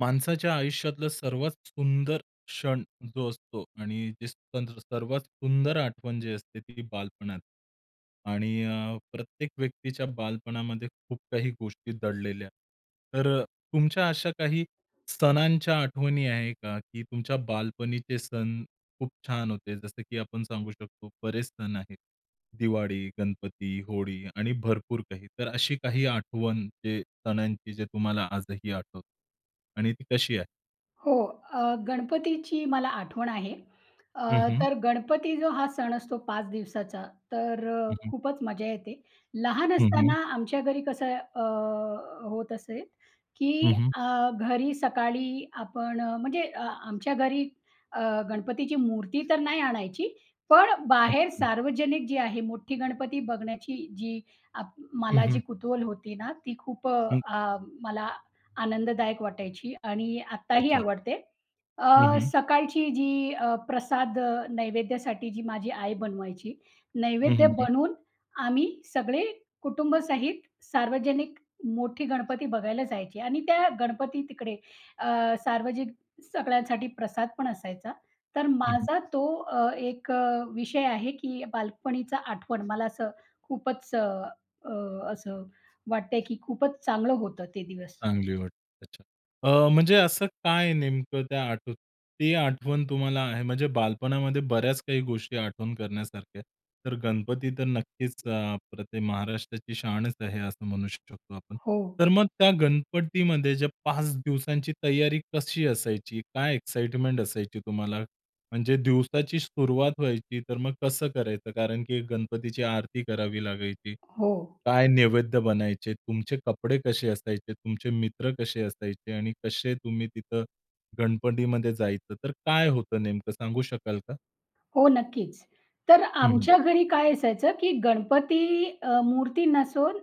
माणसाच्या आयुष्यातलं सर्वात सुंदर क्षण जो असतो आणि जे सण सर्वात सुंदर आठवण जी असते ती बालपणात आणि अ, प्रत्येक व्यक्तीच्या बालपणामध्ये खूप काही गोष्टी दडलेल्या. तर अ, तुमच्या अशा काही सणांच्या आठवणी आहे का? की तुमच्या बालपणीचे सण खूप छान होते. जसं की आपण सांगू शकतो बरेच सण आहेत. दिवाळी, गणपती, होळी आणि भरपूर काही. तर अशी काही आठवण जे सणांची जे तुम्हाला आजही आठवतं आणि ती कशी आहे? हो, अ, गणपतीची मला आठवण आहे. हं, अ, हं. तर गणपती जो हा सण असतो 5 दिवसाचा, तर हं, हं. खूपच मजा येते. लहान हं, हं. असताना आमच्या घरी कसं अ, होत असे की हं, हं. अ, घरी सकाळी आपण म्हणजे आमच्या घरी अ, गणपतीची मूर्ती तर नाही आणायची. पण बाहेर अच्छा. सार्वजनिक जी आहे मोठी गणपती बघण्याची जी आप हं, मला जी हं. कुतूहल होती ना, ती खूप अ, हं. अ, मला आनंददायक वाटायची आणि आत्ताही अच्छा. आवडते. हं, अ, हं. सकाळची जी अ, प्रसाद नैवेद्यासाठी जी माझी आई बनवायची, हं, नैवेद्य हं, हं. बनवून आम्ही सगळे कुटुंबासहित सार्वजनिक मोठी गणपती बघायला जायचे आणि त्या गणपती तिकडे अ, सार्वजनिक सगळ्यांसाठी प्रसादपण असायचा. तर हं, माझा हं. तो अ, एक अ, विषय आहे की बालपणीचा आठवण मला असं खूपच अ, अ, असं वाटतंय, की खूपच चांगलं होतं ते दिवस. चांगली वाटते. अच्छा. अ, म्हणजे असं काय नेमकं त्या आठव ते आठवण तुम्हाला आहे. म्हणजे बालपणामध्ये बऱ्याच काही गोष्टी आठवण करण्यासारख्या, तर गणपती तर नक्कीच अ, अप्रतिम महाराष्ट्राची शानच आहे, असं म्हणू शकतो आपण. हो. तर मग त्या गणपतीमध्ये ज्या 5 दिवसांची तयारी कशी असायची? काय एक्साईटमेंट असायची तुम्हाला? म्हणजे दिवसाची सुरुवात व्हायची तर मग कसं करायचं? कारण की गणपतीची आरती करावी लागायची. हो. काय नैवेद्य बनायचे? तुमचे कपडे कसे असायचे? तुमचे मित्र कसे असायचे? आणि कसे तुम्ही तिथं गणपतीमध्ये जायचं तर काय होतं नेमकं सांगू शकाल का? हो नक्कीच. तर हं, हं. आमच्या घरी काय असायचं, की गणपती अ, मूर्ती नसून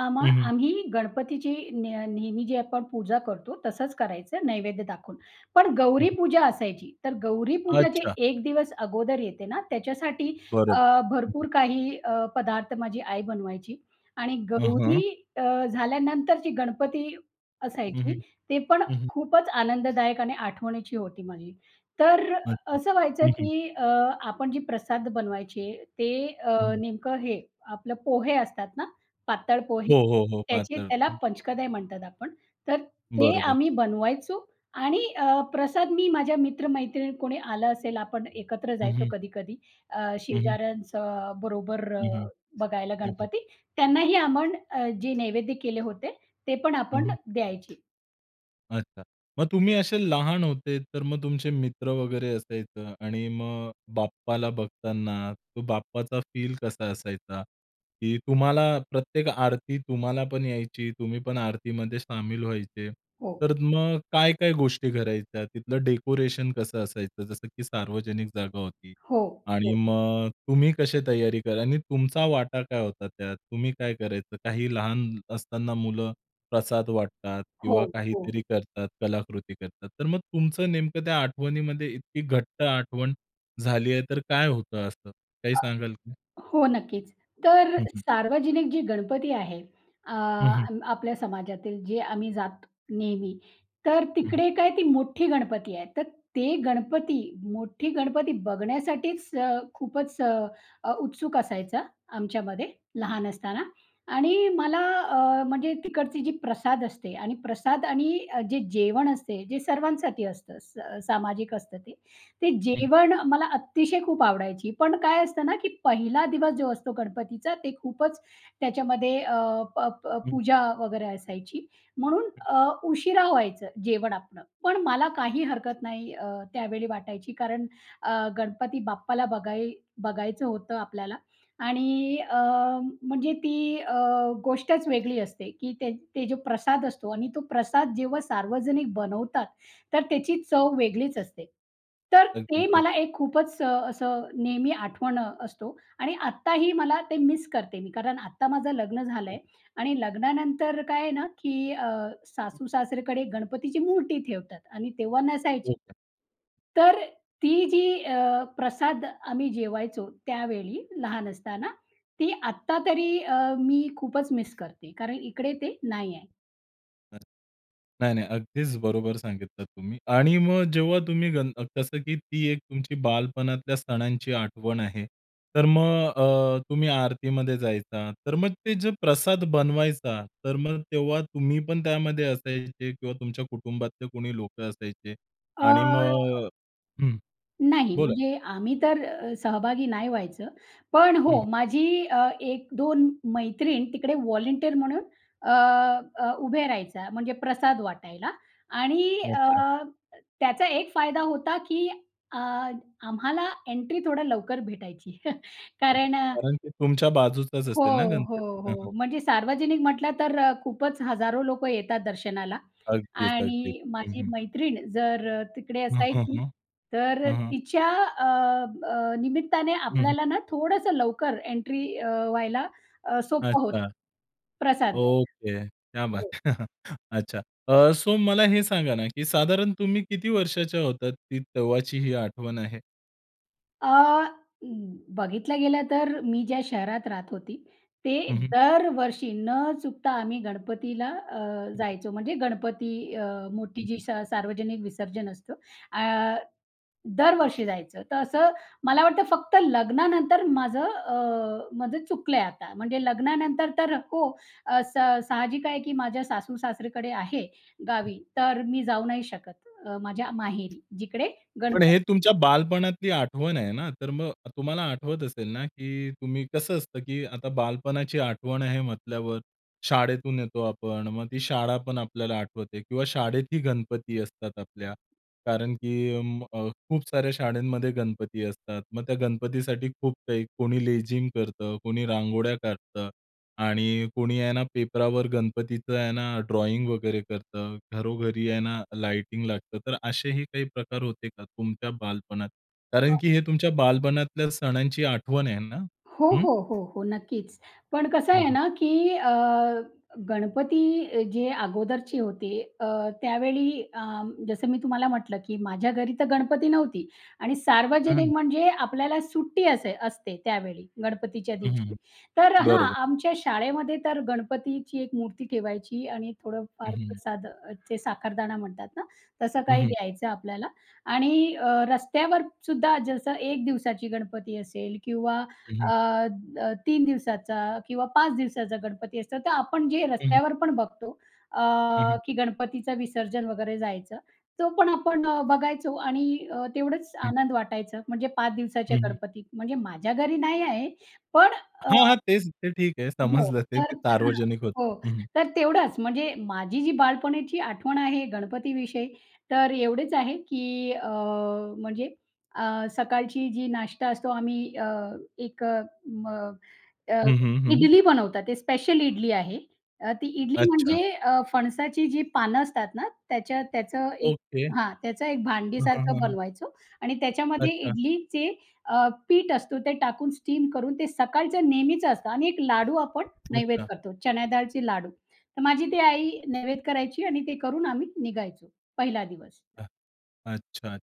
आम्हा हं, हं. आम्ही गणपतीची न नेहमी जी आपण पूजा करतो, तसंच करायचं नैवेद्य दाखवून. पण हं, हं. गौरीपूजा असायची. तर गौरीपूजा जे अच्छा. एक दिवस अगोदर येते ना, त्याच्यासाठी बरोबर, अ, हं, हं. भरपूर काही अ, पदार्थ माझी आई बनवायची आणि हं, हं. गौरी अ, झाल्यानंतर जी गणपती हं, असायची, हं, ते पण हं, हं. खूपच आनंददायक आणि आठवणीची होती माझी. तर अच्छा, असं व्हायचं हं, हं. की अ, आपण जे प्रसाद बनवायचे, ते अ, हं, हं. नेमकं हे आपलं पोहे असतात ना, पातळ पोहे? हो, हो, हो. त्याचे पातळ. त्याला पंचकदय म्हणतात आपण. तर ते बरोबर. आम्ही बनवायचो आणि अ, प्रसाद मी माझ्या मित्र-मैत्रिणी कोणी आलं असेल, आपण एकत्र हं, जायचो हं. कधी-कधी अ, हं, हं. शेजाऱ्यांचं बरोबर अ, हं, हं, बघायला हं, हं. गणपती. त्यांनाही आपण जे नैवेद्य केले होते ते पण हं, आपण हं. द्यायचे. अच्छा. मग तुम्ही असे लहान होते, तर मग तुमचे मित्र वगैरे असायचं आणि मग बाप्पाला बघताना, तो बाप्पाचा फील कसा असायचा? की तुम्हाला प्रत्येक आरती तुम्हालापण यायची. तुम्हीपण आरतीमध्ये सामील व्हायचे. हो. तर मग काय-काय गोष्टी करायच्या, तिथलं डेकोरेशन कसं असायचं? जसं की सार्वजनिक जागा होती हो, आणि हो. मग तुम्ही कसे तयारी करा आणि तुमचा वाटा काय होता त्यात? तुम्ही काय करायचे? काही लहान असताना मुलं प्रसाद वाटतात हो, किंवा हो. काहीतरी करतात कलाकृती करतात, तर मग तुमचं नेमकं त्या आठवणीमध्ये इतकी घट्ट आठवण झाली आहे, तर काय होतं असं, काही सांगाल का? हो, नक्कीच. तर हं, हं. सार्वजनिक जी गणपती आहे, अ, हं, हं. आपल्या समाजातील जे आम्ही जातो नेहमी. तर हं. तिकडे काय ती मोठी गणपती आहे. तर ते गणपती मोठी गणपती बघण्यासाठीच अ, खूपच अ, उत्सुक असायचा आमच्यामध्ये लहान असताना आणि मला अ, म्हणजे तिकडची जी प्रसाद असते आणि प्रसाद आणि अ, जे जेवण असते. जे सर्वांसाठी असतं असं स सामाजिक असतं ते. ते हं. जेवण मला अतिशय खूप आवडायची. पण काय असतं ना, की पहिला दिवस जो असतो गणपतीचा. ते खूपच त्याच्यामध्ये अ, अप अप हं. पूजा वगैरे असायची. म्हणून हं. अ, उशिरा व्हायचं जेवण आपलं. पण मला काही हरकत नाही अ, त्यावेळी वाटायची. कारण अ, गणपती बाप्पाला बघाय बघायचं होतं आपल्याला आणि अ, म्हणजे ती अ, गोष्टच वेगळी असते, की ते ते जो प्रसाद असतो आणि तो प्रसाद जेव्हा सार्वजनिक बनवतात. तर त्याची चव वेगळीच असते. तर अगदीच, ते अग मला एक खूपच अ, असं नेहमी आठवण अ, असतो आणि आत्ताही मला ते मिस करते मी. कारण आता माझं लग्न हं. झालंय आणि लग्नानंतर काय आहे ना, की अ, हं. सासू-सासरेकडे गणपतीची मूर्ती ठेवतात आणि तेव्हा नसायची. ओके. तर ती जी अ, प्रसाद आम्ही जेवायचो. त्यावेळी लहान असताना, ती आत्ता तरी अ, मी खूपच मिस करते. कारण इकडे ते नाही आहे. नाही, नाही, अगदीच बरोबर सांगितलं तुम्ही आणि मग, जेव्हा तुम्ही गण कसं की ती एक तुमची बालपणातल्या सणांची आठवण आहे, तर मग अ, तुम्ही आरतीमध्ये जायचा. तर मग, ते जे प्रसाद बनवायचा, तर मग तेव्हा तुम्ही पण त्यामध्ये असायचे किंवा तुमच्या कुटुंबातले कोणी लोकं असायचे? अ आणि मग हं, नाही, बोला. म्हणजे आम्ही तर अ, सहभागी नाही व्हायचं. पण अं, हो, हं. माझी, अ, 1-2 मैत्रीण तिकडे वॉलंटियर म्हणून, अ, अ, उभे राहायचा, म्हणजे प्रसाद वाटायला आणि, अ, अच्छा! अ, त्याचा एक फायदा होता, की अ, आम्हाला एंट्री थोडं लवकर भेटायची. कारण अ, कारण की, तुमच्या बाजूचाच हो, असेल ना हो, गणपती. हं, हं. हो. म्हणजे सार्वजनिक म्हटलं, तर खूपच हजारो लोकं येतात दर्शनाला अगदीच, अगदीच, आणि हं, माझी हं. मैत्रीण जर तिकडे हं, हं, असायची हं, तर हं, हं. तिच्या, अ, अ, निमित्ताने हं, हं. आपल्याला ना थोडंसं लवकर एंट्री अ, व्हायला अ, सोपं होतं, अच्छा! प्रसाद घ्यायला. ओके, क्या बात हो. है! अच्छा! अ, सो मला हे सांगा ना, की साधारण तुम्ही किती वर्षाच्या होतात? ती तेव्हाची, ही आठवण आहे. अ, अ, बघितलं गेलं तर मी ज्या शहरात राहत होती, ते हं, हं. दरवर्षी न चुकता आम्ही गणपतीला अ, जायचो म्हणजे गणपती अ, हं, मोठी जी हं. स सार्वजनिक विसर्जन असतं अ, दरवर्षी जायचं. तर असं मला वाटतं फक्त लग्नानंतर माझं अ, माझं चुकलंय आता. म्हणजे लग्नानंतर तर हो, असं, स साहजिक आहे की माझ्या सासू-सासरीकडे आहे गावी तर मी जाऊ नाही शकत अ, माझ्या माहेरी जिकडे पण गणप हे तुमच्या बालपणातली आठवण आहे ना, तर मग तुम्हाला आठवत असेल ना की तुम्ही, कसं असतं की आता बालपणाची आठवण आहे म्हटल्यावर शाळेतून येतो आपण मग, ती शाळापण आपल्याला आठवते किंवा शाळेतही गणपती असतात आपल्या, कारण की म अ, खूप साऱ्या शाळेंमध्ये गणपती असतात. मग त्या गणपतीसाठी खूप काही कोणी लेझीम करतं, कोणी रांगोळ्या काढतं आणि कोणी आहे ना, पेपरावर गणपतीचं आहे ना, ड्रॉइंग वगैरे करतं, घरोघरी आहे ना लाइटिंग लागतं. तर असेही काही प्रकार होते का तुमच्या बालपणात? कारण की हे तुमच्या बालपणातल्या सणांची आठवण आहे ना? हो, हं. हो. हो, हो. नक्कीच. पण कसं हं, आहे हं. ना, की अ, गणपती अ, जे अगोदरची होते अ, त्यावेळी अं, जसं मी तुम्हाला म्हटलं की माझ्या घरी तर गणपती नव्हती. आणि हं, हं. सार्वजनिक म्हणजे आपल्याला सुट्टी असे असते त्यावेळी गणपतीच्या हं, हं. दिवशी. हं. तर हां, बरोबर. आमच्या शाळेमध्ये तर गणपतीची 1 मूर्ती ठेवायची आणि थोडं हं, फार हं. प्रसाद अ, जे साखरदाणा म्हणतात ना, तसं हं, काही हं. द्यायचं आपल्याला. आणि अ, रस्त्यावर सुद्धा जसं 1 दिवसाची गणपती असेल किंवा हं, हं. अ, अ, 3 दिवसाचा किंवा 5 दिवसाचा गणपती असतं. तर आपण जे हं. रस्त्यावर पण बघतो अ, हं, हं. की गणपतीचं विसर्जन वगैरे जायचं. तो पण आपण बघायचो आणि अ, तेवढंच हं. आनंद वाटायचं. म्हणजे 5 दिवसाच्या हं, हं. गणपतीत म्हणजे माझ्या घरी नाही आहे. पण अ, हां, हां. तेच, ते ठीक आहे हो समजलं ते तर हां. सार्वजनिक होतं. हो. हं, हं. तर तेवढचं. म्हणजे माझी जी बालपणाची आठवण आहे गणपतीविषयी तर, एवढेच आहे की अ, म्हणजे अ, सकाळची जी नाश्ता असतो आम्ही अ, एक अ, म अ, हं, हं. हं. इडली बनवतात ते स्पेशल इडली आहे. अ, ती इडली अच्छा. म्हणजे अ, फणसाची जी पानं असतात ना, त्याच्या त्याचं एक ओके. हां, त्याचा एक हं, हं. भांडीसारखं हं, हं. बनवायचो आणि त्याच्यामध्ये अच्छा. इडलीचे अ, पीठ असतो, ते टाकून स्टीम करून ते सकाळचं नेहमीच असतं आणि 1 लाडू आपण अच्छा. नैवेद्य करतो. चण्यादाळची लाडू तर, माझी ती आई नैवेद करायची आणि ते करून आम्ही निघायचो. 1ला दिवस हां. अच्छात.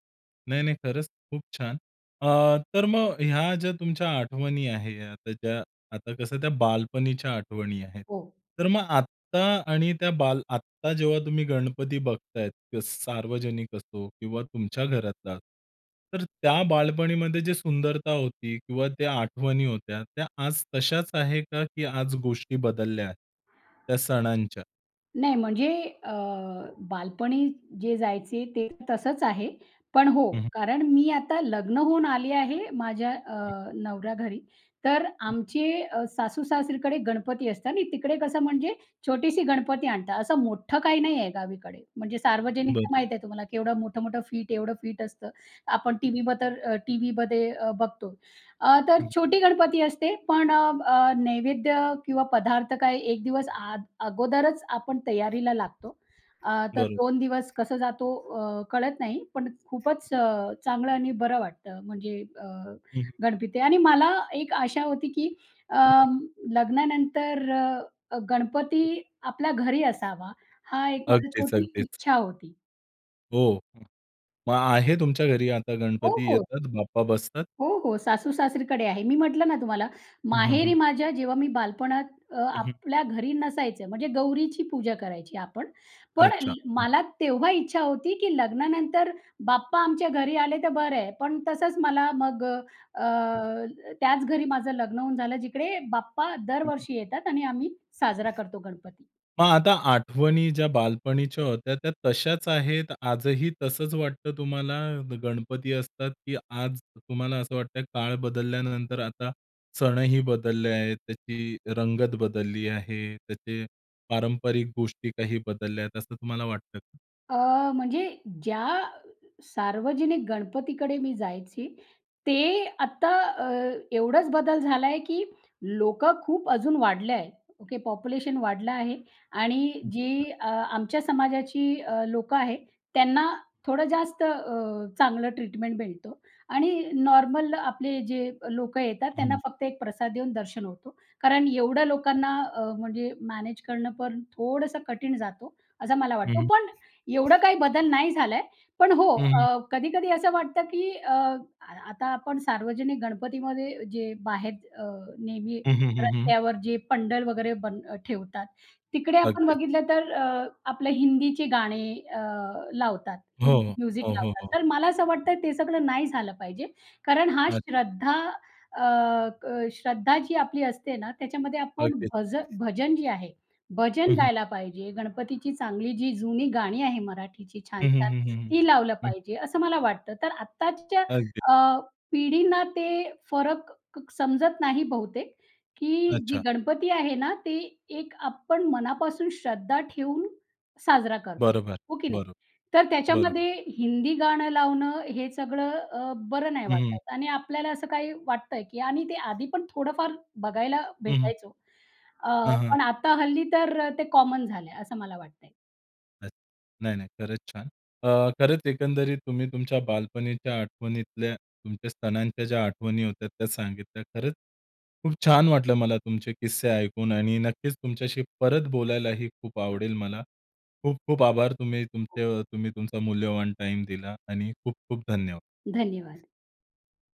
नाही, नाही खरंच खूप छान! अ, तर मग ह्या ज्या तुमच्या आठवणी आहे आता ज्या आता कसं त्या बालपणीच्या आठवणी आहेत. हो. तर मग आत्ता आणि त्या बाल आत्ता जेव्हा तुम्ही गणपती बघतायेत, त्या स सार्वजनिक असो किंवा तुमच्या घरातला, तर त्या बालपणीमध्ये जी सुंदरता होती किंवा त्या आठवणी होत्या, त्या आज तशाच आहे का की आज गोष्टी बदलल्या त्या सणांच्या? नाही म्हणजे अ, बालपणी जे जायचे ते तसंच आहे. पण हो. हं, हं. कारण मी आता लग्न होऊन आली आहे माझ्या अ, हं. नवऱ्या घरी. तर आमचे अ, सासू-सासरीकडे गणपती असतात आणि तिकडे कसं म्हणजे छोटीशी गणपती आणतात. असं मोठं काही नाहीये गावीकडे. म्हणजे सार्वजनिक तर बरं. माहिती आहे तुम्हाला केवढं मोठं-मोठं फिट एवढं फिट असतं. आपण टीव्हीवर तर अ, टीव्हीमध्ये अ, बघतो. अ, तर हं. छोटी गणपती असते पण अ, अ, नैवेद्य किंवा पदार्थ काय 1 दिवस अ, अगोदरच आपण तयारीला लागतो. अ, तर बरोबर. 2 दिवस कसा जातो अ, कळत नाही. पण खूपच अ, चांगलं आणि बरं वाटतं म्हणजे अ, हं. गणपती. आणि मला एक आशा होती की अं, लग्नानंतर अ, गणपती आपल्या घरी असावा हा एक माझी अगदीच, छोटी अगदीच. इच्छा होती. हो. मग आहे तुमच्या घरी आता हो, गणपती हो. येतात, बाप्पा बसतात? हो, हो. सासू-सासरीकडे आहे. मी म्हटलं ना तुम्हाला हं, माहेरी हं. माझ्या जेव्हा मी बालपणात अ, अ, हं. आपल्या घरी नसायचं म्हणजे गौरीची पूजा करायची आपण. पण अ, अच्छा. हं. मला तेव्हा इच्छा होती की लग्नानंतर बाप्पा आमच्या घरी आले तर बरं आहे. पण तसंच मला मग अ, त्याच घरी माझं लग्न होऊन झालं जिकडे बाप्पा दरवर्षी येतात आणि आम्ही साजरा करतो गणपती. मग आता आठवणी ज्या बालपणीच्या होत्या त्या तशाच आहेत, आजही तसंच वाटतं तुम्हाला गणपती असतात, की आज तुम्हाला असं वाटतं काळ बदलल्यानंतर आता सणही बदलले आहेत, त्याची रंगत बदलली आहे. त्याचे पारंपरिक गोष्टी काही बदलल्या आहेत, असं तुम्हाला वाटतं का? अ, म्हणजे ज्या सार्वजनिक गणपतीकडे मी जायची ते आता अ, एवढाच बदल झालाय, की लोकं खूप अजून वाढले आहे. ओके. पॉप्युलेशन वाढलं आहे आणि [unintelligible] जी अ, आमच्या समाजाची अ, लोकं आहे, त्यांना थोडं जास्त अ, चांगलं ट्रीटमेंट मिळतो आणि नॉर्मल आपले जे लोकं येतात त्यांना हं. फक्त एक प्रसाद देऊन दर्शन होतो. कारण एवढया लोकांना अ, म्हणजे मॅनेज करणं पण थोडंसं कठीण जातो, असं मला हं, वाटतो. हं. पण एवढं काही बदल नाही झालाय. पण हो हं, हं. अ, कधी-कधी असं वाटतं, की अ, आता आपण सार्वजनिक गणपतीमध्ये जे बाहेर अ, नेहमी हं, हं, हं, हं. रस्त्यावर जे पंडल वगैरे बन अ, ठेवतात. तिकडे आपण अगदीच. बघितलं तर अ, आपलं हिंदीची गाणी अ, लावतात. हो, हो. हिंदी म्युझिक हो, हो, लावतात. हो. तर मला असं वाटतंय ते सगळं नाही झालं पाहिजे. कारण हा अच्छा. श्रद्धा अ, क श्रद्धा जी आपली असते ना, त्याच्यामध्ये आपण अगदी. भज भजन जे आहे, भजन हं, हं. गायला पाहिजे, गणपतीची चांगली जी जुनी गाणी आहे मराठीची हं, हं, छान-छान हं, हं, ती लावलं हं. हं. पाहिजे, असं मला वाटतं. तर आत्ताच्या अगदी. अ, पिढींना ते फरक क समजत नाही बहुतेक, की जी अच्छा. गणपती आहे ना ती एक आपण मनापासून श्रद्धा ठेऊन साजरा करतो. बरोबर. हो की नाही? बरं, तर बरं. त्याच्यामध्ये हिंदी गाणं लावणं हे सगळं अ, बरं नाही हं, हं. वाटत आणि आपल्याला असं काही वाटतंय की आणि ते आधीपण थोडं फार बघायला हं, हं. भेटायचो अ, हां, हां. पण आता हल्ली तर ते कॉमन झालंय, असं मला वाटतंय. अच्छा! नाही, नाही, खरंच छान. अ, खरंच एकंदरीत तुम्ही तुमच्या बालपणीच्या आठवणीतल्या तुमच्या सणांच्या ज्या आठवणी होत्यात त्या सांगितल्या. खरंच खूप छान वाटलं मला तुमचे किस्से ऐकून आणि नक्कीच तुमच्याशी परत बोलायलाही खूप आवडेल मला. खूप-खूप आभार. तुम्ही हो. तुमचे तुम्ही तुमचा मूल्यवान टाईम दिला आणि खूप-खूप धन्यवाद! धन्यवाद!